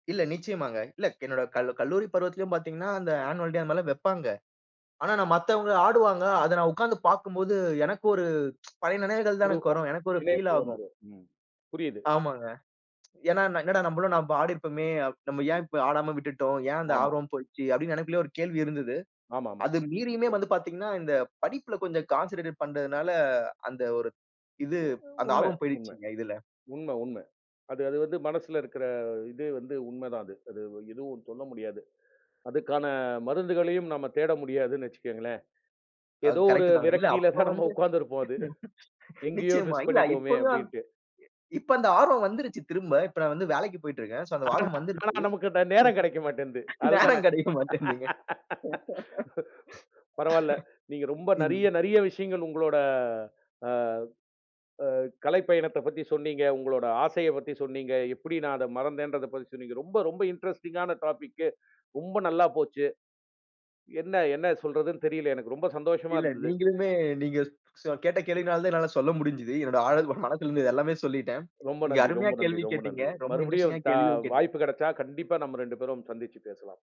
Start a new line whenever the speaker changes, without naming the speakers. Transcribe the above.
இல்ல, நிச்சயமாங்க. இல்ல, என்னோட கல் கல்லூரி பருவத்திலும் பாத்தீங்கனா, அந்த ஆனுவல் டே அது மாரிலாம் வெப்பாங்க. ஆனா நான் மத்தவங்க ஆடுவாங்க. அத நான் உக்காந்து பாக்கும்போது, எனக்கு ஒரு பழைய நினவுகள் தான்
ஒரு
எனக்கு
அ
வரும். எனக்கு ஒரு ஃபீல்
நினைவுக்கு
ஆகும்.
வந்துரும், ம், புரியுது.
ஆமாங்க. ஏன்னா என்னடா நம்பளும் நம்ப ஆடிருப்பமே, நம்ம ஏன் இப்ப ஆடாம விட்டுட்டோம்? ஏன் அந்த
ஆமா.
ஆர்வம் போயிடுச்சு? அப்டின்னு எனக்குள்ளயே ஒரு கேள்வி இருந்துது.
ஆமாமா.
அது மீறியுமே வந்து பாத்தீங்கன்னா, இந்த படிப்புல கொஞ்சம் கான்சென்ட்ரேட்டட் பண்றதுனால அந்த ஒரு இது
அ
அந்த
உண்ம
ஆர்வம்
உண்ம.
போயிடுச்சுங்க இதுல.
உண்ம உண்ம. அது அது வந்து மனசுல இருக்கற, இது வந்து உண்மதான் அது. அது எதுவும் சொல்ல முடியாது. அதுக்கான மருந்துகளையும் நம்ம தேட முடியாதுன்னு வச்சுக்கங்களேன்.
அது
ஏதோ ஒரு
கரெக்ட்டு தாங்க. இல்ல
விரக்தியில
அப்ப
தான் நம்ம
வந்து
உக்காந்திருப்போம் அது. "எங்கயோ
நிச்சயமா.
மிஸ்
இல்ல
பண்ணிட்டோமே!"
இப்பதான்
அப்டின்ட்டு.
இப்ப அந்த ஆர்வம் வந்துருச்சு திரும்ப. இப்ப நான் வந்து வேலைக்கு போய்ட்டு இருக்கேன். சோ அந்த
ஆனா,
ஆர்வம்
ஆனா,
வந்துருச்சு.
நமக்கு அந்த நேரம் கிடைக்க மாட்டேன்து, அதுதானே!
நேரம் கிடைக்க மாட்டேன்துங்க.
பரவால்ல, நீங்க ரொம்ப நெறையா
ம்.
நெறையா விஷயங்கள் உங்களோட, அ அ கலைப்பயணத்தப் பத்தி சொன்னீங்க, உங்களோட ஆசையப் பத்தி சொன்னீங்க. எப்படி நான் அத மறந்தேன்றதப் பத்தி சொன்னீங்க. ரொம்ப ரொம்ப இன்ட்ரஸ்டிங்கான டாபிக்கு. ரொம்ப நல்லா போச்சு. என்ன என்னா சொல்றதுன்னு தெரியல, எனக்கு. ரொம்ப சந்தோஷமா
இல்ல
இருந்துது.
நீங்களுமே நீங்க ஸ் கேட்ட கேள்வினாலதான் என்னால சொல்ல முடிஞ்சது. என்னோட ஆழ் மனதுல இருந்தது எல்லாமே சொல்லிட்டேன்.
ரொம்ப
நீங்க
நன்றி
அருமையா
ரொம்ப நன்றி
கேள்வி
ரொம்ப
கேட்டீங்க.
நன்றி!
ரொம்ப
மறுபடியும்
இன்ட்ரஸ்டிங்கா
த
கேள்வியும் கேட்டீங்
வாய்ப்பு கெடச்சா, கண்டிப்பா நம்ம 2 பேரும் சந்திச்சு பேசலாம்.